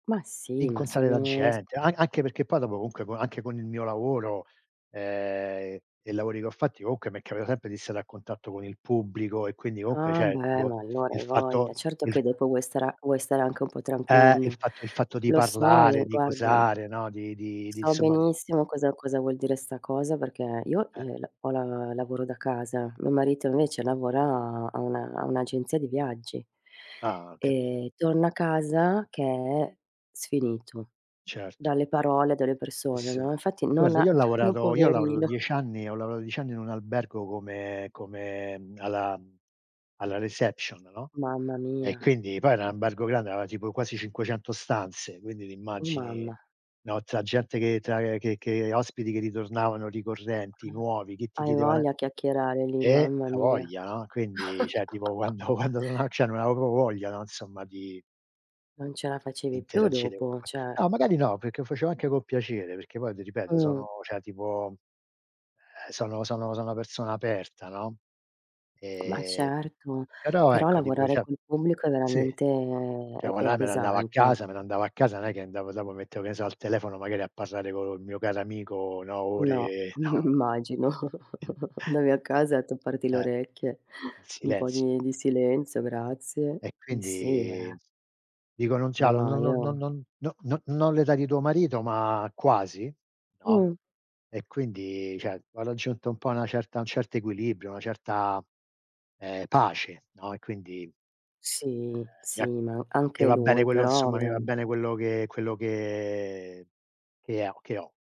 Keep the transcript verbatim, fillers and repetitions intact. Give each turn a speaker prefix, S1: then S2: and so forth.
S1: Ma sì, ma
S2: Incontrare la
S1: sono s
S2: gente. An anche perché poi dopo comunque anche con il mio lavoro, ehm, e i lavori che ho fatti, comunque mi è capitato sempre di stare a contatto con il pubblico e quindi comunque,
S1: Ah
S2: ceh,
S1: beh,
S2: tipo,
S1: ma allora
S2: il
S1: hai
S2: fatto
S1: voglia. Certo
S2: il
S1: che
S2: f
S1: dopo vuoi stare vuoi stare anche un po'
S2: Eh, il
S1: tranquillo.
S2: fatto il fatto di
S1: Lo so e
S2: parlare, di
S1: guarda
S2: cosare, no, di di di
S1: so
S2: insomma di
S1: benissimo cosa cosa vuol dire sta cosa, perché io,
S2: Eh.
S1: eh, la ho la lavoro da casa. Mio marito invece lavora a una un'agenzia di viaggi
S2: Ah, ho capito.
S1: e torna a casa che è sfinito
S2: Certo.
S1: dalle parole, delle
S2: Eh,
S1: persone,
S2: sì.
S1: no, infatti non
S2: Guarda,
S1: ha
S2: io ho
S1: no
S2: lavorato io ho lavorato
S1: poverino.
S2: diec anni ho lavoato diec anni in un albergo come come uhm, alla uhm, alla reception, no,
S1: Mamma
S2: e
S1: mia.
S2: quindi poi era n ambergo grande, aveva tipo quasi cinquecento stanze, quindi ti
S1: Oh
S2: immagini,
S1: mamma.
S2: no, tra gente che tra che che ospiti che ritornavano ricorrenti, nuovi, che ti
S1: Hai
S2: chiedevano,
S1: voglia a chiacchierare lì,
S2: eh eh,
S1: mamma mia.
S2: avoglia, no. Quindi, ceh, tipo quando quando sono cioè, non avevo propo voglia, no, insomma, di
S1: Non ce la facevi più
S2: interagire
S1: dopo,
S2: con. [unintelligible]
S1: ceh
S2: No, magari no, perché lo facevo anche con piacere, perché poi ti ripeto,
S1: Mh.
S2: sono, ceh tipo, eh sono sono sono una persona aperta, no,
S1: Ma
S2: ehm,
S1: certo,
S2: però
S1: però
S2: ecco, tipo,
S1: lavorare
S2: cioè
S1: col pubblico è
S2: sì,
S1: veramente,
S2: cioè,
S1: è
S2: quando
S1: è
S2: è me ne andavo a
S1: pesante.
S2: casa me ne andavo a casa. Non è che andavo dopo, mettevo, che ne so, al telefono magari a parlare col mio caro amico, no,
S1: No,
S2: ore, no
S1: immagino. Andavi a casa a tapparti le
S2: Eh.
S1: orecchie,
S2: In
S1: un po'
S2: silenzio.
S1: di di silenzio, grazie.
S2: E
S1: Eh, sì,
S2: quindi,
S1: eh.
S2: dico: "Non
S1: No,
S2: c'hanno,
S1: no,
S2: non non non
S1: io
S2: non no no no l'età di tuo marito ma quasi", no,
S1: Mh.
S2: e quindi, ceh, ho raggiunto un po' una certa un certo equilibrio, una certa, ehm, pace, no, e quindi, ehm,
S1: Sì,
S2: mi
S1: sì,
S2: ha
S1: ma an
S2: mi
S1: anche
S2: va bene
S1: lui,
S2: quello
S1: però
S2: insomma mi va bene
S1: veramente.
S2: quello che quello che che ho che ho.